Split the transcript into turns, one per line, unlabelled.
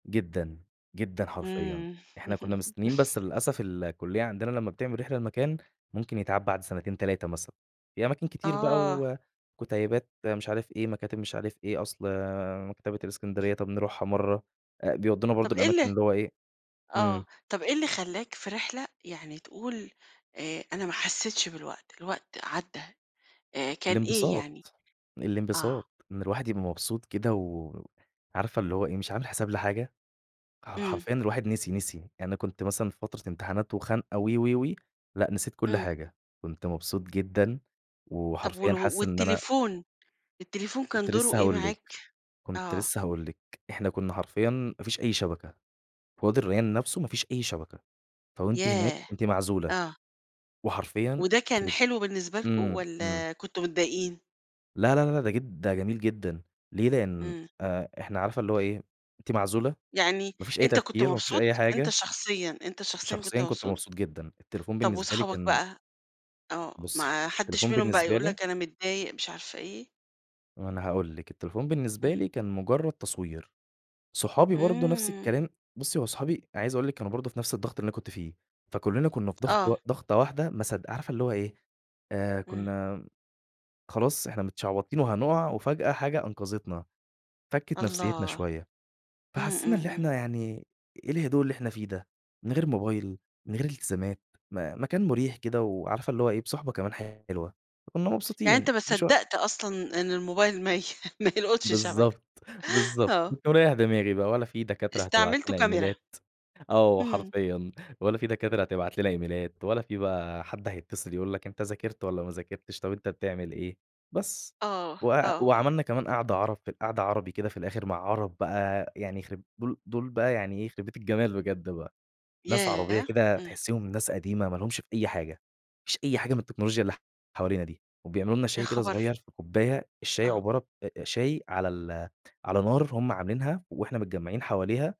جدًا، جدًا حرفيًا،
إمم.
إحنا كنا مستنين بس للأسف الكُليّة عندنا لمّا بتعمل رحلة لمكان، ممكن يتعاد بعد سنتين 3 مثلًا، في أماكن كتير بقى
آه.
و وكُتَيبات مش عارف إيه، مكاتب مش عارف إيه، أصل مكتبة الإسكندرية طَب نروحها مرّه أ بيودونا برضه
طَب إيه
الأماكن
ال
اللي هو إيه
آه،
إمم.
طَب إيه اللي خلاك في رحلة يعني تقول آآ، أنا ما حسيتش بالوقت، الوقت عدّى آآ، كان إيه يعني؟
الإنبساط،
آه.
الإنبساط، إن الواحد يبقى مبسوط كده و عارفة اللي هو إيه، مش عامل حساب لحاجة، ح
إمم.
حرفيًا الواحد نسي، نسي يعني أنا كنت مثلًا في فترة امتحانات وخنقة و و و لأ نسيت كل
إمم.
حاجة، كنت مبسوط جدًا،
طَب وال
وحرفيًا حاسس إن أنا
والتليفون، التليفون كان
كنت
دوره
لسه
إيه
هاقول لِك
معاك؟
كنت
آه.
لسه هاقول لِك إحنا كنا حرفيًا ما فيش أي شبكة، في وادي الريان نفسُه ما فيش أي شبكة، فوأنتِ هناك
ياه!
أنتِ معزولة
آه.
وحرفيًا
وده كان
يخرب
حلو بالنسبة لكم،
إمم، إمم.
والَّا كنتم متضايقين؟
لا، لا، لا ده جد ده جميل جدًا، ليه؟ لإن
إمم.
أ إحنا عارفة اللي هو إيه، أنتِ معزولة،
يعني
ما فيش أي
أنت كنت
تفكير وما فيش أي
مبسوط؟ أنت
حاجة.
شخصيًا أنت شخصيًا كنت
شخصيًا، كنت
مبسوط؟
مبسوط جدًا التليفون
طَب
بالنسبة لي
وصحابك
كان
بقى؟ آه،
بُصّي،
ما حدش
التليفون
منهم بقى
بالنسبة
يقول
لي
لك أنا متضايق مش عارفة إيه؟
ما أنا هاقول لِك التليفون بالنسبة
إمم.
لي كان مجرّد تصوير، صحابي برضه نفس
إمم.
الكلام، بُصّي، هو صحابي أنا عايز أقول لِك كانوا برضه في نفس الضغط اللي أنا كنت فيه، فكلّنا كنا في ضغط و
آه.
ضغطة واحدة، ما صدق عارفة اللي هو إيه، آآ،
إمم.
كنا خلاص إحنا متشعبطين وهنقع، وفجأة حاجة أنقذتنا، فكِّت نفسيتنا
الله،
شوية،
إمم،
فحسينا
إمم،
اللي
إمم.
إحنا يعني إيه الهدوء اللي إحنا فيه ده من غير موبايل، من غير التزامات، م مكان مُريح كده وعارفة اللي هو إيه بصحبة كمان حلوة كنا
يعني أنت
مبسوطين
ما
مش
صدّقت أصلًا إن الموبايل ما ي ما يلقُطش شبكة،
بالضبط، بالضبط
آه.
باريّح دماغي بقى، ولا في دكاترة هتبعت
استعملتُه
لنا
كاميرا.
إيميلات آه
إمم.
حرفيًا، ولا في دكاترة هتبعت لنا إيميلات ولا في بقى حد هيتصل يقول لك أنت ذاكرت والَّا ما ذاكرتش، طَب أنت بتعمل إيه، بس
آه،
و
آه، آه.
وعملنا كمان قعدة عرب في ال قعدة عربي كده في الآخر مع عرب بقى يعني يخرب دول دول بقى يعني إيه، يخربيت الجمال بجد بقى، ناس عربية
ياه!
كده
إمم.
تحسّيهم ناس قديمة ما لهُمش في أي حاجة، ما لهُمش في أي حاجة من التكنولوجيا اللي حوالينا دي، وبيعملوا لنا
يا
شاي كده
خبر!
صغير في كوباية، الشاي
آه.
عبارة أ أ شاي على ال على نار هم عاملينها، وإحنا متجمّعين حواليها